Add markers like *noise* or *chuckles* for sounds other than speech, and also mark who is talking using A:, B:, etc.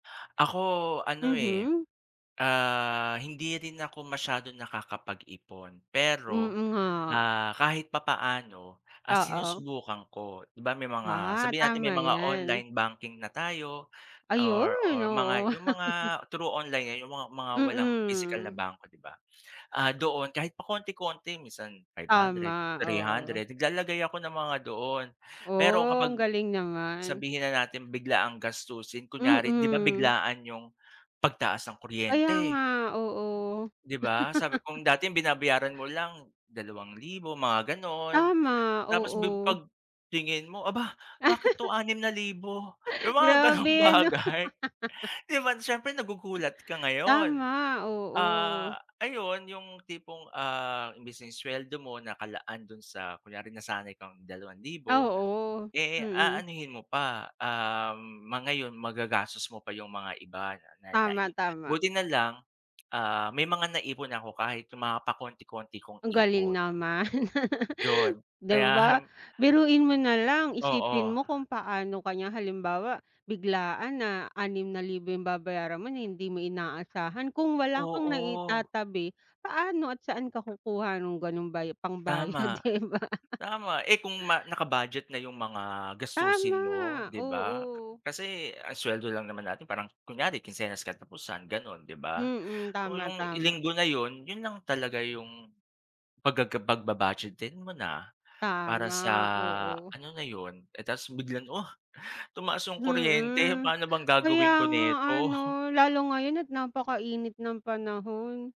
A: Ako ano eh,
B: Mhm.
A: ah, hindi rin ako masyadong nakakapag-ipon. Pero,
B: Mm nga.
A: ah, kahit papaano, ah,
B: Oo.
A: sinusubukan ko. Di ba may mga
B: Ah,
A: sabihin natin may
B: tama
A: mga
B: yan.
A: online banking na tayo
B: Ayun,
A: or or mga
B: oo.
A: yung mga
B: *chuckles*
A: through online lang yung mga mga walang physical na
B: Mm.
A: bank, di ba? Ah, doon kahit pa konti-konti minsan five-hundred,
B: Tama, oo.
A: three-hundred naglalagay ako ng mga doon. Pero
B: Oh!
A: kapag,
B: Ang galing naman.
A: sabihin na natin biglaang gastusin kunyari di ba
B: Mm.
A: biglaan yung pagtaas ng
B: Kaya
A: kuryente?
B: nga! Oo.
A: Di ba? Sabi
B: *chuckles*
A: kung dating binabayaran mo lang ₱2,000 mga ganun.
B: Tama,
A: Tapos bi
B: oo.
A: pagtingin mo aba! bakit 'to ₱6,000 yung mga ganung
B: Grabe ano?
A: bagay. Di ba? Siyempre nagugulat ka ngayon.
B: Tama, oo.
A: Ah, ayun yung tipong ah, imbis na sweldo mo nakalaan dun sa kunyari nasanay kang ₱2,000
B: Oo,
A: eh,
B: mm.
A: aanhin mo pa um ma ngayon magagastos mo pa yung mga iba na
B: Tama,
A: nai
B: tama
A: buti na lang. Ah, may mga naipon ako kahit yung mga pakonti-konti kong
B: Ang galing
A: ipon.
B: naman! *chuckles*
A: Yun,
B: Di ba?
A: kaya.
B: Biruin mo nalang isipin
A: Oo.
B: mo kung paano ka niya halimbawa biglaan na Php 6,000 babayaran mo na hindi mo inaasahan. Kung wala kang
A: Oo!
B: naitatabi paano at saan ka kukuha ng ganong baya pangbayad
A: Tama.
B: di ba? *chuckles*
A: Tama eh, kung ma naka-budget na yung mga gastusin mo
B: Tama!
A: di ba?
B: Oo.
A: Kasi ang sweldo lang naman natin parang kunyari kinsenas katapusan ganun, di ba?
B: Mhm,
A: Oo
B: tama
A: yung
B: tama.
A: Linggo na yun yun lang talaga yung paggaga pagba-budgetin mo na. Para sa
B: Tama, oo
A: ano na yun. Eh, tas biglang oh! Tumaas yung kuryente,
B: Mhm,
A: paano bang
B: kaya
A: gagawin ko
B: nga ano.
A: nito?
B: Lalo ngayon at napaka-init ng panahon.